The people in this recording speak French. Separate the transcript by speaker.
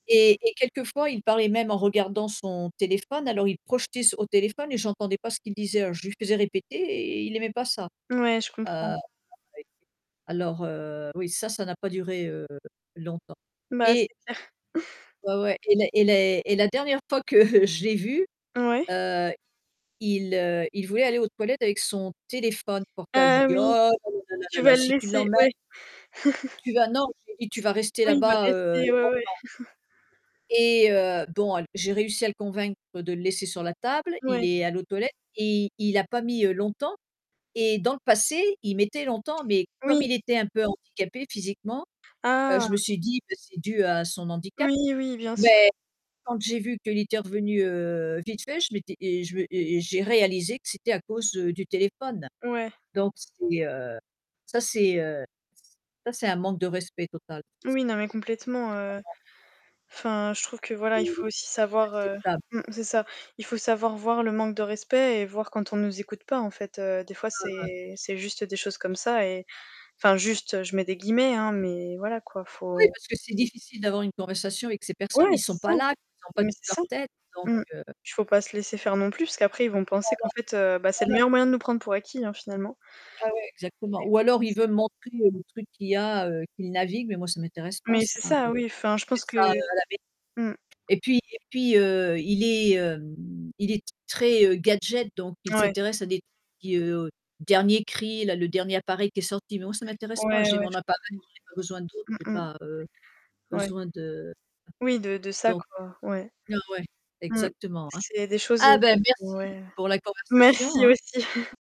Speaker 1: Et et quelquefois, il parlait même en regardant son téléphone alors il projetait s au téléphone et j'entendais pas ce qu'il disait, alors je lui faisais répéter, et il aimait pas ça.
Speaker 2: Ouais, je comprends.
Speaker 1: Heu, [unintelligible] alors, heu, oui, ça, ça n'a pas duré, heu, longtemps.
Speaker 2: Bah, c'est
Speaker 1: Et
Speaker 2: clair.
Speaker 1: Ouais ouais, et la et les et la dernière fois que je l'ai vu,
Speaker 2: Oui.
Speaker 1: heu, il, heu, il voulait aller aux toilettes avec son téléphone portable. J'ai
Speaker 2: Ah
Speaker 1: dit: «Oh
Speaker 2: oui.
Speaker 1: là là là là
Speaker 2: Tu
Speaker 1: là là,
Speaker 2: vas le
Speaker 1: si tu
Speaker 2: laisser?
Speaker 1: l'emmènes»
Speaker 2: Ouais. C
Speaker 1: «tu vas». Non, j'ai dit: «Tu vas rester
Speaker 2: oui, il va
Speaker 1: là-bas, heu,
Speaker 2: rester ouais, ouais.
Speaker 1: longtemps». Et heu, bon, al j'ai réussi à le convaincre de le laisser sur la table, il
Speaker 2: Ouais.
Speaker 1: est allé aux toilettes et il a pas mis, heu, longtemps. Et dans le passé, il mettait longtemps, mais comme
Speaker 2: Oui.
Speaker 1: il était un peu handicapé physiquement, heu,
Speaker 2: Ah!
Speaker 1: je me suis dit que c'est dû à son handicap.
Speaker 2: Oui, oui, bien sûr.
Speaker 1: Mais quand j'ai vu qu'il était revenu, heu, vite fait, je m'étais et je et j'ai réalisé que c'était à cause, heu, du téléphone.
Speaker 2: Ouais.
Speaker 1: Donc, c'est, heu, ça c'est, heu, ç ça c'est un manque de respect total. C c'est
Speaker 2: Oui, non, mais complètement, heu.
Speaker 1: vraiment
Speaker 2: Enfin, je trouve que
Speaker 1: C'est c'est
Speaker 2: voilà, il faut aussi savoir, heu,
Speaker 1: inacceptable.
Speaker 2: mmh, c'est ça, il faut savoir voir le manque de respect et voir quand on nous écoute pas, en fait, heu, des fois,
Speaker 1: Ouais, ouais.
Speaker 2: c'est c'est juste des choses comme ça et enfin, «juste», je mets des guillemets, hein, mais voilà, quoi,
Speaker 1: Oui
Speaker 2: faut
Speaker 1: parce que c'est difficile d'avoir une conversation avec ces personnes,
Speaker 2: Ouais,
Speaker 1: ils
Speaker 2: c'est
Speaker 1: sont
Speaker 2: ça,
Speaker 1: pas là, ils ont pas
Speaker 2: mais
Speaker 1: toute leur
Speaker 2: c'est ça,
Speaker 1: tête donc,
Speaker 2: mmh.
Speaker 1: heu
Speaker 2: Faut pas se laisser faire non plus, parce qu'après, ils vont penser
Speaker 1: Voilà,
Speaker 2: qu'en fait, heu, bah, c'est le
Speaker 1: voilà.
Speaker 2: meilleur moyen de nous prendre pour acquis, hein, finalement.
Speaker 1: Ah ouais, exactement.
Speaker 2: Là
Speaker 1: Ou
Speaker 2: ils vont
Speaker 1: alors il
Speaker 2: penser
Speaker 1: veut me montrer le truc qu'il y a, heu, qu'il navigue, mais moi ça m'intéresse pas
Speaker 2: Mais
Speaker 1: ça,
Speaker 2: c'est ça,
Speaker 1: heu.
Speaker 2: oui, enfin je
Speaker 1: Je
Speaker 2: pense
Speaker 1: fais
Speaker 2: que
Speaker 1: ça, heu, à la maison.
Speaker 2: mmh.
Speaker 1: Et puis et puis, heu, il est, hem, il est très, heu, gadget, donc il
Speaker 2: Ouais.
Speaker 1: s'intéresse à des trucs qui, heu dernier cris, là le dernier appareil qui est sorti. Mais moi ça m'intéresse pas.
Speaker 2: Ouais,
Speaker 1: J'ai
Speaker 2: ouais,
Speaker 1: mon
Speaker 2: je
Speaker 1: appareil,
Speaker 2: comprends.
Speaker 1: j'en ai pas besoin d'autres, j'ai
Speaker 2: Mmh
Speaker 1: pas, heu,
Speaker 2: mh, ouais.
Speaker 1: besoin de
Speaker 2: Oui, de de ça,
Speaker 1: donc
Speaker 2: quoi, ouais.
Speaker 1: ouais
Speaker 2: Mmh,
Speaker 1: exactement, hein.
Speaker 2: c'est des choses, heu,
Speaker 1: Ah bah
Speaker 2: qui sont
Speaker 1: merci
Speaker 2: ouais.
Speaker 1: pour la conversation,
Speaker 2: Merci
Speaker 1: hein.
Speaker 2: aussi.